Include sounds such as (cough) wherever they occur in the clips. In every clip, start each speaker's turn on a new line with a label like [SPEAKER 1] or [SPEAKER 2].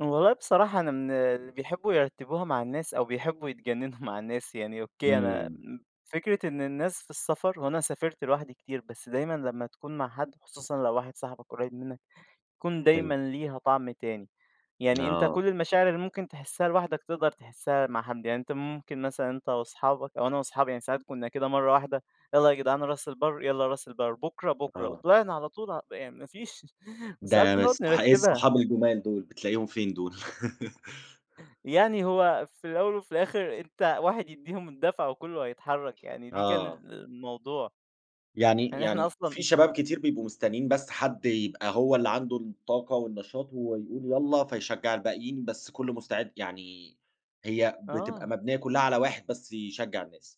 [SPEAKER 1] والله بصراحة أنا من اللي بيحبّوا يرتّبوها مع الناس أو بيحبّوا يتجنّنوا مع الناس، يعني أوكي أنا آآ
[SPEAKER 2] إمم.
[SPEAKER 1] فكرة إن الناس في السفر وأنا سافرت لوحدي كتير، بس دايمًا لمّا تكون مع حد خصوصًا لو واحد صاحبك قريّب منّك بيكون
[SPEAKER 2] حلو.
[SPEAKER 1] دايمًا ليها طعم تاني. يعني أنت
[SPEAKER 2] آه.
[SPEAKER 1] كل المشاعر اللي ممكن تحسّها لوحدك تقدر تحسّها مع حد. يعني أنت ممكن مثلًا أنت واصحابك أو أنا واصحابي يعني ساعات كُنّا كده مرّة واحدة يالّا جدع راس البر، يالّا راس البَر، بكرة، بكرة.
[SPEAKER 2] آه.
[SPEAKER 1] وطلعنا على طول يعني ما فيش وساعات
[SPEAKER 2] ده
[SPEAKER 1] بنقعد
[SPEAKER 2] بس ح إيه
[SPEAKER 1] نرتّبها.
[SPEAKER 2] الصحاب الجُمال دُول، بتلاقيهم فين دول؟ (laughs)
[SPEAKER 1] يعني هو في الأول وفي الآخر أنت واحد يدّيهم الدافع وكُلّه هيتحرّك، يعني دي كان آآ
[SPEAKER 2] آه.
[SPEAKER 1] الموضوع.
[SPEAKER 2] يعني
[SPEAKER 1] يعني إحنا
[SPEAKER 2] يعني
[SPEAKER 1] أصلًا
[SPEAKER 2] في شباب كتير بيبقوا مستنّين بس حد يبقى هو اللي عنده الطاقة والنشاط وهو يقول يالّا فيشجع الباقيين بس كُلّه مستعد يعني هي بتبقى
[SPEAKER 1] آه.
[SPEAKER 2] مبنيّة كُلّها على واحد بس يشجّع الناس.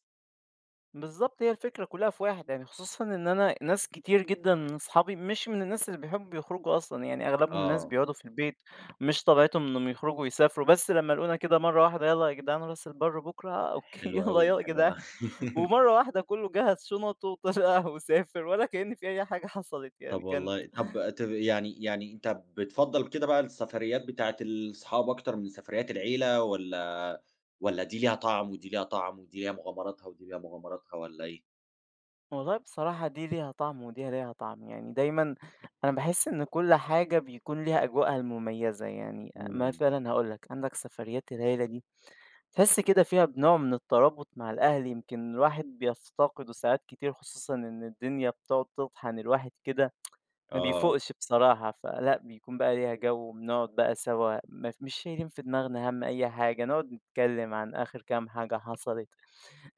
[SPEAKER 1] بالضبط. هي الفكرة كُلّها في واحد، يعني خصوصًا إن أنا ناس كتير جدًا من اصحابي مش من الناس اللي بيحبّوا يخرجوا أصلًا، يعني أغلبهم ناس
[SPEAKER 2] آه.
[SPEAKER 1] بيقعدوا في البيت، مش طبيعتهم إنّهم يخرجوا ويسافروا بس لمّا لاقونا كده مرّة واحدة يالَّا ياجدعان أنا راس البَر بكره، أوكي
[SPEAKER 2] حلو
[SPEAKER 1] يالّا
[SPEAKER 2] أوي،
[SPEAKER 1] يا
[SPEAKER 2] حلو
[SPEAKER 1] جدعان.
[SPEAKER 2] (laughs)
[SPEAKER 1] ومرّة واحدة كُلّه جَهّز شُنَطه (unintelligible) وسافر والّا كإن في أي حاجة حصلت،
[SPEAKER 2] طب
[SPEAKER 1] يعني كان
[SPEAKER 2] والله طب تب يعني يعني أنت بتفضّل كده بقى السفريّات بتاعتة ال صحابك أكتر من سفريّات العيلة والّا والّا دي ليها طعم ودي ليها طعم ودي ليها مغامراتها ودي ليها مغامراتها والّا إيه؟
[SPEAKER 1] والله بصراحة دي ليها طعم ودي ليها طعم. يعني دايمًا أنا باحِس إن كل حاجة بيكون ليها أجواءها المميزة، يعني أ
[SPEAKER 2] إمم.
[SPEAKER 1] مثلًا هاقول لك، عندك سفريّات العيلة دي، تحِس كده فيها بنوع من الترابط مع الأهل يمكن الواحد بيفتقده ساعات كتير خصوصًا إن الدنيا بتقعد تطحن الواحد كده (tsk) ما
[SPEAKER 2] آه.
[SPEAKER 1] بيفوقش بصراحة، فلأ بيكون بقى ليها جَو وبنقعد بقى سوا م مش شايلين في دماغناها هَم أي حاجة، نقعد نتكلّم عن آخِر كام حاجة حصلت.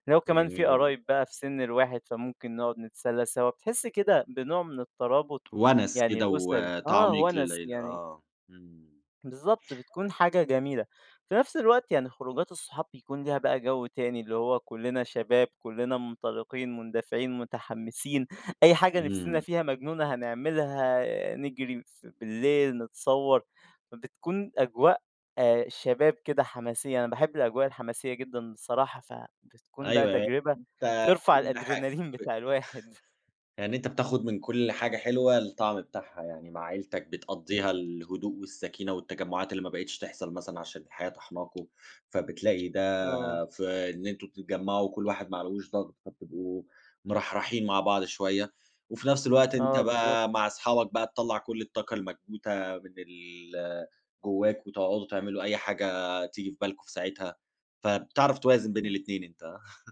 [SPEAKER 1] لو
[SPEAKER 2] ده
[SPEAKER 1] كمان في
[SPEAKER 2] جميل جدًا.
[SPEAKER 1] قرايب بقى في سِن الواحد فممكن نقعد نتسلى سوا، بتحِس كده بنوع من الترابط
[SPEAKER 2] وَنَس
[SPEAKER 1] يعني
[SPEAKER 2] كده
[SPEAKER 1] الأسري آه
[SPEAKER 2] وتعميق
[SPEAKER 1] وَنَس.
[SPEAKER 2] للعيلة
[SPEAKER 1] يعني
[SPEAKER 2] آه. إمم.
[SPEAKER 1] بالضبط، بتكون حاجة جميلة. في نفس الوقت يعني خروجات الصحاب بيكون ليها بقى جَو تاني اللي هو كُلّنا شباب، كُلّنا منطلقين، مندفعين، متحمّسين، أي حاجة نفسنا
[SPEAKER 2] إمم.
[SPEAKER 1] فيها مجنونة هنعملها، آآ نجري ف بالليل، نتصوّر، فبتكون أجواء آآ شباب كده حماسية، أنا باحب الأجواء الحماسية جدًا بصراحة، فبتكون بقى
[SPEAKER 2] أيوه أي
[SPEAKER 1] تجربة
[SPEAKER 2] أنت
[SPEAKER 1] ترفع
[SPEAKER 2] كل حاجة
[SPEAKER 1] الأدرينالين
[SPEAKER 2] ب
[SPEAKER 1] بتاع الواحد.
[SPEAKER 2] يعني أنت بتاخُد من كل حاجة حلوة الطعم بتاعها. يعني مع عيلتك بتقضّيها الهدوء والسكينة والتجمُّعات اللي ما بقيتش تحصل مثلًا عشان الحياة طاحناكم، فبتلاقي ده
[SPEAKER 1] آه.
[SPEAKER 2] في إن أنتم تتجمّعوا وكل واحد ما عليهوش ضغط فتبقوا مرحرحين مع بعض شوية وفي نفس الوقت أنت
[SPEAKER 1] آه بالضبط.
[SPEAKER 2] بقى مع اصحابك بقى تطلّع كل الطاقة المكبوتة من ال جوّاك وتقعدوا تعملوا أي حاجة تيجي في بالكم في ساعتها، فبتعرف توازن بين الاتنين أنت. (chuckles)